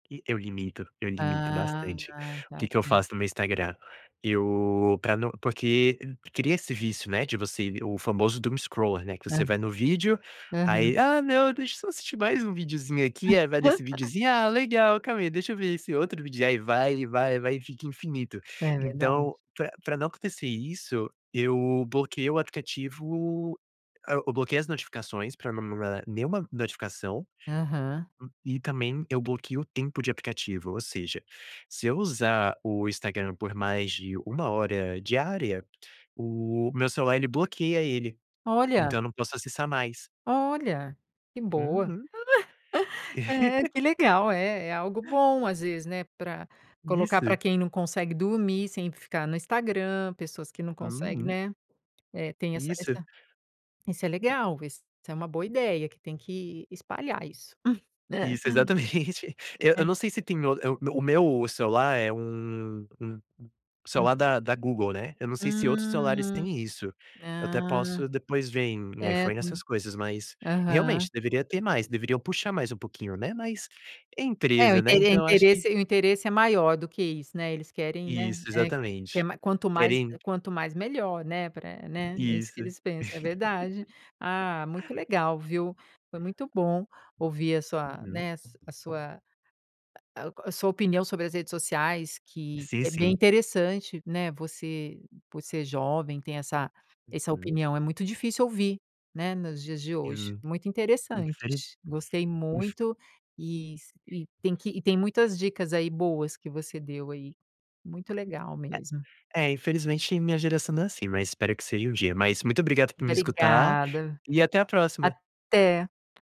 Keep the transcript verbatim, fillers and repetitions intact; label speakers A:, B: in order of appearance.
A: E eu limito, eu limito
B: Ah,
A: bastante.
B: tá,
A: O que
B: tá
A: que eu
B: certo.
A: faço no meu Instagram? Eu pra não porque cria esse vício, né, de você o famoso Doomscrolling, né, que você
B: Hã,
A: vai no vídeo,
B: aham.
A: aí, "ah, não, deixa eu só assistir mais um videozinho aqui", aí vai nesse videozinho, "ah, legal, calma aí, deixa eu ver esse outro vídeo", aí vai, e vai, e vai e fica infinito.
B: É verdade.
A: Então pra pra não acontecer isso, eu bloqueei o aplicativo ah, eu bloqueei as notificações pra não me mandar nenhuma notificação,
B: Aham.
A: hum, e também eu bloqueio o tempo de aplicativo, ou seja, se eu usar o Instagram por mais de uma hora diária, o meu celular ele bloqueia ele,
B: Olha!
A: então eu não posso acessar mais.
B: Olha, que boa.
A: Uhum.
B: É, que legal, é é algo bom às vezes, né, pra colocar pra
A: Isso.
B: quem não consegue dormir, sem ficar no Instagram, pessoas que não consegue,
A: Uhum.
B: né, é, tem essa
A: Isso.
B: essa isso é legal, isso é uma boa ideia que tem que espalhar isso.
A: Isso, exatamente. Eu eu não
B: É.
A: sei se tem o eh, o me o meu celular é um um
B: Hum.
A: celular da da Google, né, eu não sei se outros celulares
B: Hum,
A: têm isso, eu até
B: hã,
A: posso depois ver em
B: é,
A: iPhone
B: de um
A: essas coisas, mas
B: aham.
A: realmente deveria ter mais, deveriam puxar mais um pouquinho, né, mas
B: É, o
A: empresa, né,
B: intere
A: então eu acho que
B: interesse o interesse é maior do que isso, né, eles querem, né,
A: Isso,
B: é ter
A: exatamente,
B: mai quanto mais
A: querem
B: quanto mais melhor, né, pra, né, é isso que
A: Isso.
B: eles pensam, é verdade. Ah, muito legal, viu, foi muito bom ouvir a sua,
A: Uhum.
B: né, a sua ah, a sua opinião sobre as redes sociais que
A: Sim,
B: é bem
A: sim.
B: interessante, né, você, por ser jovem, tem essa essa
A: Uhum.
B: opinião, é muito difícil ouvir, né, nos dias de hoje,
A: Hum,
B: muito interessante,
A: infeli
B: gostei
A: inf
B: muito e s e tem que e tem muitas dicas aí boas que você deu aí, muito legal mesmo.
A: É, infelizmente minha geração não é assim, mas espero que seja um dia, mas muito obrigada por me escutar
B: Obrigada,
A: e até a próxima.
B: até.